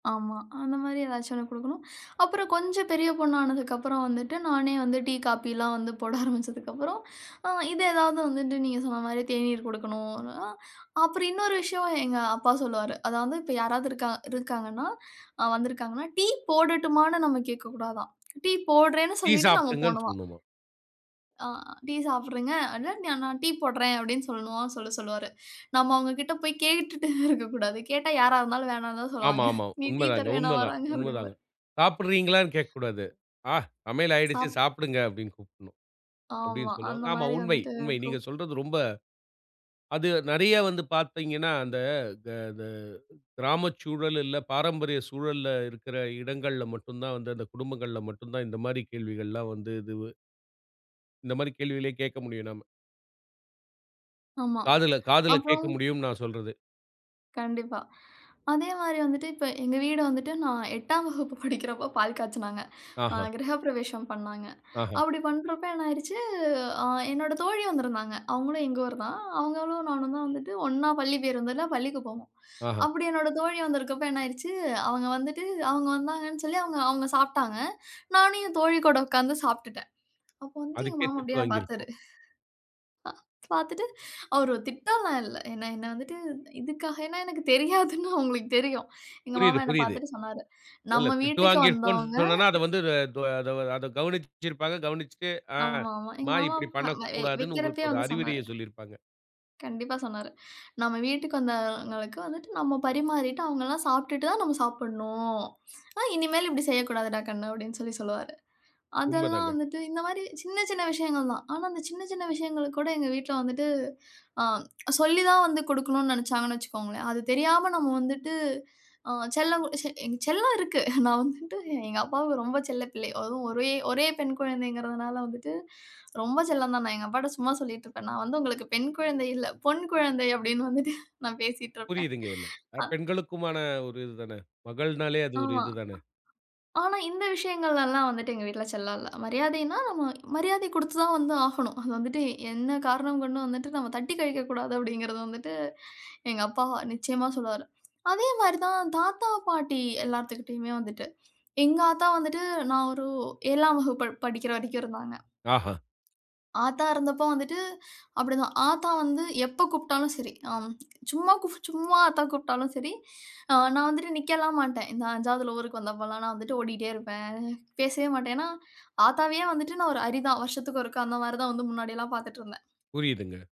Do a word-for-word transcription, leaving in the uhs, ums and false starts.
ஆமா. அந்த மாரி ஏதாச்சும் ஒண்ணு குடுக்கணும். அப்புறம் கொஞ்சம் பெரிய பொண்ணு ஆனதுக்கு அப்புறம் வந்துட்டு, நானே வந்து டீ, காப்பிலாம் வந்து போட ஆரம்பிச்சதுக்கு அப்புறம், அ, இத எதாவது வந்துட்டு நீங்க சொன்ன மாரி தேநீர் குடுக்கணும் அப்டின்னா. அப்புறம் இன்னொரு விஷயம் எங்க அப்பா சொல்லுவாரு அதாவது இப்ப யாராவது இருக்காங் இருக்காங்கன்னா வந்திருக்காங்கன்னா, டீ போடட்டுமானு நாம கேக்கக் கூடாதாம். டீ போடறேன்னு டீ சொல்லிட்டு நாம சாப்டுங்கன்னு போணுமாம். சொல்ணுமா? ஆ, டீ சாப்புடுறீங்க, அதான் நான் டீ போடறேன் அப்டின்னு சொல்லணுமாம், சொல்லச் சொல்லுவாரு. நாம அவங்ககிட்ட போயி கேட்டுட்டே இருக்கக் கூடாது, கேட்டா யாரா இருந்தாலும் வேணாம்னு தான் ஆமா சொல்லுவாங்க. ஆமா நீ டீ உண்மைதாங்க, தருவேன்னா உண்மைதான், வராங்க? உண்மைதாங்க. அப்டிம்பாரு. சாப்பிடுறீங்களான்னு கேக்கக் கூடாது. ஆ, சமையல் ஆயிடுச்சு சாப் சாப்பிடுங்க அப்டின்னு கூப்புடணும், ஆமா. அப்டின்னு அந்த சொல்லுவாங்க. ஆமா. மாரி உண்மை வந்துட்டே உண்மை நீங்க இருக்கும். சொல்றது. ரொம்ப அது நெறைய வந்து பாத்தீங்கன்னா, அந்த த, த, த, கிராமச் சூழல் இல்ல பாரம்பரிய சூழல்ல இருக்கிற இடங்கள்ல மட்டும்தான் வந்து, அந்த குடும்பங்கள்ல மட்டும்தான் இந்த மாரி கேள்விகள் எல்லாம் வந்து இதுவு இந்த மாரி கேள்விகளே கேட்க முடியும் நாம. ஆமா. காதுல காதுல அப்புறம் கேக்க முடியும்னு நான் சொல்றது. கண்டிப்பா. அதே மாரி வந்துட்டு, இப்ப எங்க வீடு வந்துட்டு, நான் எட்டாம் வகுப்பு படிக்கிறப்போ, பால் காய்ச்சனாங்க, அ, ஆஹ. கிரகப்பிரவேசம் பண்ணாங்க. ஆஹ. அப்டி பண்றப்ப என்ன ஆயிருச்சு, ஆ, என்னோட தோழி வந்திருந்தாங்க. அவுங்களும் எங்க ஊருதான், அவுங்களும் நானும் தான் வந்துட்டு ஒண்ணா பள்ளி பேருந்துல பள்ளிக்கு போவோம். ஆஹ. அப்டி என்னோட தோழி வந்திருக்கப்ப என்ன ஆயிருச்சு, அவங்க வந்துட்டு, அவுங்க வந்தாங்கன்னு சொல்லி அவுங்க அவுங்க சாப்ட்டாங்க, நானும் என் தோழி கூட உக்காந்து சாப்பிட்டுட்டேன். அப்ப வந்து எங்க அதுக்கே மாமா திட்டு அப்டியே என்ன பாத்தாரு. வாங்கிருப்போம். பா, பாத்துட்டு, அவரு திட்டலாம் இல்ல. ஏன்னா, என்ன வந்துட்டு இதுக்காகனா எனக்குத் தெரியாதுன்னு அவுங்களுக்கு தெரியும். எங்க மாமா புரியுது என்ன புரியுது. பாத்துட்டு சொன்னாரு இல்ல நம்ம திட்டு வீட்டுக்கு வாங்கிருப்போம்னு வந்தவங்க சொன்னேன்னா, அத வந்து த த அத கவனிச்சிருப்பாங்க. கவனிச்சிட்டு, ஆ, ஆமா ஆமா. எங்க மா மாமா இப்டி வா பண்ணக் வை கூடாதுன்னு உங்களுக்கு வெக்கிறப்பவே ஒரு வந்து அறிவுரைய சொன்னாரு. சொல்லிருப்பாங்க. கண்டிப்பா சொன்னாரு. நம்ம வீட்டுக்கு வந்தவங்களுக்கு வந்துட்டு நம்ம பரிமாறிட்டு, அவங்க எல்லாம் சாப்பிட்டுட்டு தான் நாம சாப்புணும். ஆனா, இனிமேல் இப்டி செய்யக்கூடாதுடா கண்ணு அப்டின்னு சொல்லி சொல்லுவாரு. அதெல்லாம் உண்மதாங்க. வந்துட்டு இந்த மாரி சின்ன சின்ன விஷயங்கள் தான். ஆனா, அந்த சின்னச் சின்ன விஷயங்களுக்கு கூட எங்க வீட்ல வந்துட்டு, ஆ, சொல்லித் தான் வந்து குடுக்கணும்னு நெனச்சாங்கன்னு வச்சுக்கோங்களேன். அது தெரியாம நம்ம வந்துட்டு, ஆ, செல்லம் குடு எங்க செல்லம் இருக்கு, நான் வந்துட்டு எங்க அப்பாவுக்கு ரொம்ப செல்லப் பிள்ளை. அதுவும் ஒரே, ஒரே பெண் குழந்தைங்கிறதுனால வந்துட்டு ரொம்ப செல்லம் தான். நான் எங்க அப்பாட்ட சும்மா சொல்லிட்டு இருப்பேன், நான் வந்து உங்களுக்குப் பெண் குழந்தை இல்ல, பொன் குழந்தை அப்டின்னு வந்துட்டு, நான் பேசிட்டு இருப்பேன். புரியுதுங்க. எல்ல அ. அப் பெண்களுக்குமான ஒரு இதுதானே, மகள்னாலே அது ஒரு ஆமா. இதுதானே. ஆனா, இந்த விஷயங்கள்ல எல்லாம் எங்க வீட்ல செல்லம் இல்ல. மரியாதைனா நம்ம மரியாதை குடுத்துத் தான் வந்து ஆகணும். அத வந்துட்டு என்ன காரணம் கொண்டும் வந்துட்டு நாம தட்டிக் கழிக்கக் கூடாது அப்டிங்கறது வந்துட்டு, எங்க அப்பா நிச்சயமா சொல்லுவாரு. அதே மாதிரி தான் தாத்தா, பாட்டி எல்லாத்துக்கிட்டயுமே வந்துட்டு, எங்க ஆத்தா வந்துட்டு நான் ஒரு ஏழாம் வகுப்பு படிக்கிற வரைக்கும் இருந்தாங்க. ஆஹ. ஆத்தா இருந்தப்போ வந்துட்டு அப்டிதான், ஆத்தா வந்து எப்ப கூப்புட்டாலும் சரி, ஆம், சும்மா கு சும்மா ஆத்தா கூப்புட்டாலும் சரி, நான் வந்துட்டு நிக்கலாம் மாட்டேன். இந்த அஞ்சாவதுள ஊருக்கு வந்தப்பலாம் நான் வந்துட்டு ஓடிட்டே இருப்பேன். பேசவே மாட்டேன். அ, ஏன்னா ஆத்தாவையே வந்துட்டு நான் ஒரு அரிதான் வருஷத்துக்கு ஒருக்கா அந்த மாதிரி தான் வந்து முன்னாடியெல்லாம் பாத்துட்டு இருந்தேன். புரியுதுங்க.